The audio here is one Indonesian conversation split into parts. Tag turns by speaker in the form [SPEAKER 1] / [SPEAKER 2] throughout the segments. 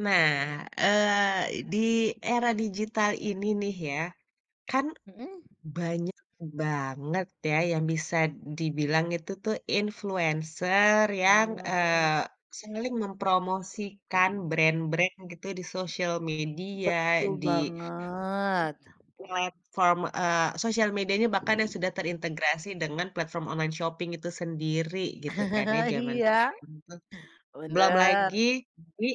[SPEAKER 1] Nah, eee, di era digital ini nih ya, kan
[SPEAKER 2] Mhm.
[SPEAKER 1] banyak banget ya yang bisa dibilang itu tuh influencer yang,
[SPEAKER 2] Mmm, mau.
[SPEAKER 1] eee, sering mempromosikan brand-brand gitu di sosial media,
[SPEAKER 2] Betul
[SPEAKER 1] di
[SPEAKER 2] banget.
[SPEAKER 1] platform, eee, sosial medianya bahkan yang sudah terintegrasi dengan platform online shopping itu sendiri gitu kan ya jaman
[SPEAKER 2] Iya
[SPEAKER 1] sekarang tuh. Belum
[SPEAKER 2] bener.
[SPEAKER 1] lagi, di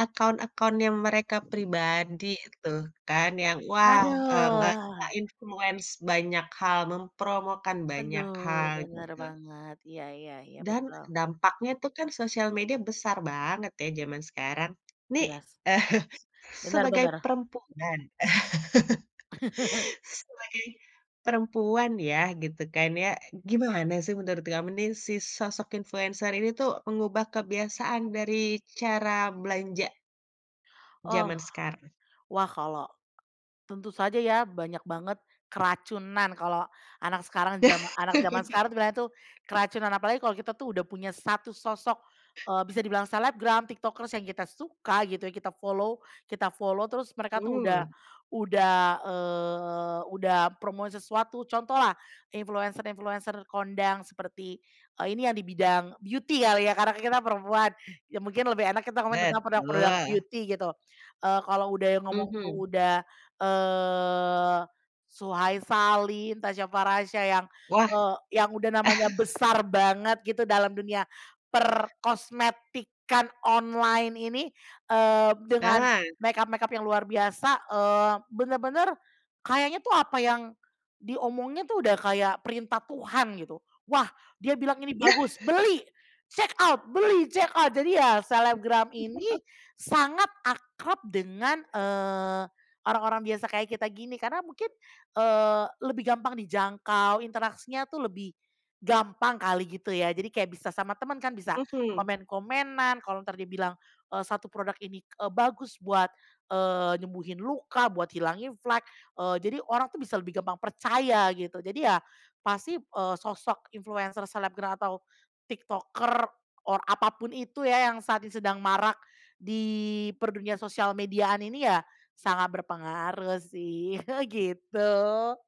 [SPEAKER 1] akun-akunnya mereka pribadi tuh kan, yang wah, eee, ngerasain
[SPEAKER 2] Aduh.
[SPEAKER 1] influence banyak hal, mempromokan banyak
[SPEAKER 2] Aduh
[SPEAKER 1] hal,
[SPEAKER 2] bener
[SPEAKER 1] gitu.
[SPEAKER 2] banget. Iya iya iya
[SPEAKER 1] Dan
[SPEAKER 2] betul.
[SPEAKER 1] dampaknya itu kan sosial media besar banget ya zaman sekarang. Nih,
[SPEAKER 2] Iya sih. Bener
[SPEAKER 1] sebagai
[SPEAKER 2] bener.
[SPEAKER 1] perempuan sebagai perempuan ya, gitu kan ya, gimana sih menurut kamu nih, si sosok influencer ini tuh mengubah kebiasaan dari cara belanja
[SPEAKER 2] Oh,
[SPEAKER 1] zaman sekarang?
[SPEAKER 2] wah kalau tentu saja ya banyak banget keracunan kalau anak sekarang jama anak zaman sekarang tuh bilangnya tuh keracunan. Apalagi kalau kita tuh udah punya satu sosok, eee, bisa dibilang selebgram, tiktokers yang kita suka gitu, kita follow kita follow terus mereka tuh udah
[SPEAKER 1] Hmm.
[SPEAKER 2] udah, eee, udah promosi sesuatu. Contohlah influencer-influencer kondang seperti, eee, ini yang di bidang beauty kali ya, karena kita perempuan, ya mungkin lebih enak kita komen tentang produk-produk
[SPEAKER 1] Betul.
[SPEAKER 2] beauty gitu. Eee, kalau udah yang ngomong
[SPEAKER 1] Mhm.
[SPEAKER 2] tuh udah, eee, Suhay Salim Tasya Farasya yang,
[SPEAKER 1] Wah.
[SPEAKER 2] eee, yang udah namanya besar banget gitu dalam dunia perkosmetikan online ini, eee, dengan
[SPEAKER 1] Nah.
[SPEAKER 2] makeup-makeup yang luar biasa, eee, bener-bener kayaknya tuh apa yang diomongin tuh udah kayak perintah Tuhan gitu, wah dia bilang ini
[SPEAKER 1] Nah.
[SPEAKER 2] bagus, Beli! Check out! Beli! Check out! Jadi ya, selebgram ini sangat akrab dengan, eee, orang-orang biasa kaya kita gini. Karena mungkin, eee, lebih gampang dijangkau, interaksinya tuh lebih gampang kali gitu ya jadi kayak bisa sama temen kan bisa
[SPEAKER 1] Mhm.
[SPEAKER 2] komen-komenan, kalau entar dia bilang, eee, satu produk ini, eee, bagus buat, eee, nyembuhin luka, buat hilangin flek, eee, jadi orang tuh bisa lebih gampang percaya gitu. Jadi ya pasti, eee, sosok influencer, selebgram, atau tiktoker, or apa pun itu ya, yang saat ini sedang marak di dunia per sosial mediaan ini ya, sangat berpengaruh sih, gitu.